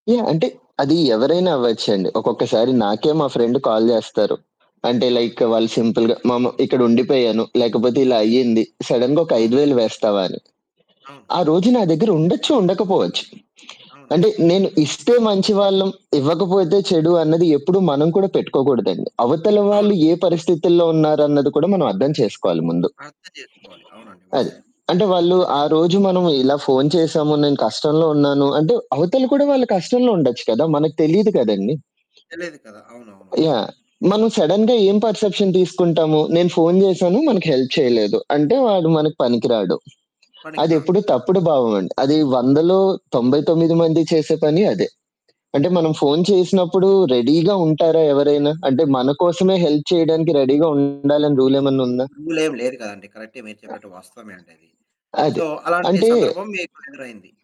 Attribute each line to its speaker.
Speaker 1: Yeah! అంటే, అది ఎవరైనా అవ్వచ్చండి. ఒక్కొక్కసారి నాకే మా ఫ్రెండ్ కాల్ జేస్తారు. అంటే,
Speaker 2: అవును.
Speaker 1: లైక్ వాళ్ళు సింపుల్‌గా, "మామ ఇక్కడ ఉండిపోయాను," లేకపోతే "ఇలా అయ్యింది," సడెన్‌గా, "ఒక ఐదు
Speaker 2: అవును.
Speaker 1: వేలు వేస్తావా" అని?
Speaker 2: అవును.
Speaker 1: ఆ రోజు నా దగ్గర ఉండొచ్చు? ఉండకపోవచ్చు? అంటే,
Speaker 2: అవునవును.
Speaker 1: నేను ఇస్తే మంచి వాళ్ళం. ఇవ్వకపోతే, చెడు అన్నది, ఎప్పుడూ మనం కూడా పెట్టుకోకూడదండి. అవతల
Speaker 2: అవును.
Speaker 1: వాళ్ళు ఏ పరిస్థితుల్లో ఉన్నారన్నది కూడా మనం అర్థం చేసుకోవాలి ముందు.
Speaker 2: అర్థం జేసుకోవాలి. అవునండి
Speaker 1: అది.
Speaker 2: వాస్తవం.
Speaker 1: అంటే, వాళ్ళు, "ఆ రోజు మనము ఇలా ఫోను చేశాము నేను కష్టంలో ఉన్నాను." అంటే, అవతలు కూడా వాళ్ళు కష్టంలో ఉండొచ్చు కదా! మనకు తెలీదు కదండీ!
Speaker 2: తెలియదు కదా! అవునవునవును.
Speaker 1: యాహ్! మనం సడెన్‌గా ఏం పర్‌సెప్షన్ తీసుకుంటాము, నేను ఫోను జేశాను మనకు హెల్ప్ చేయలేదు. అంటే, వాడు మనకు పనికి రాాడు.
Speaker 2: పనికి రాడు.
Speaker 1: అదెప్పుడు తప్పుడు భావమండి. అది 100లో 99 మంది చేసే పని అదే. అంటే, మనం ఫోను చేసినప్పుడు రెడీగా ఉంటారా ఎవరైనా? అంటే, మన కోసమే హెల్ప్ చేయడానికి, రెడీగా ఉండాలని రూలేమన్నా ఉందా?
Speaker 2: రూలేం లేదు గదండీ! కరెక్టే మీరు చెప్పినట్టు వాస్తవమే అండి అది.
Speaker 1: ఆహ్,
Speaker 2: సో,
Speaker 1: అది.
Speaker 2: అలాంటి
Speaker 1: అంటే
Speaker 2: సందర్భం మీకు ఎదురైంది?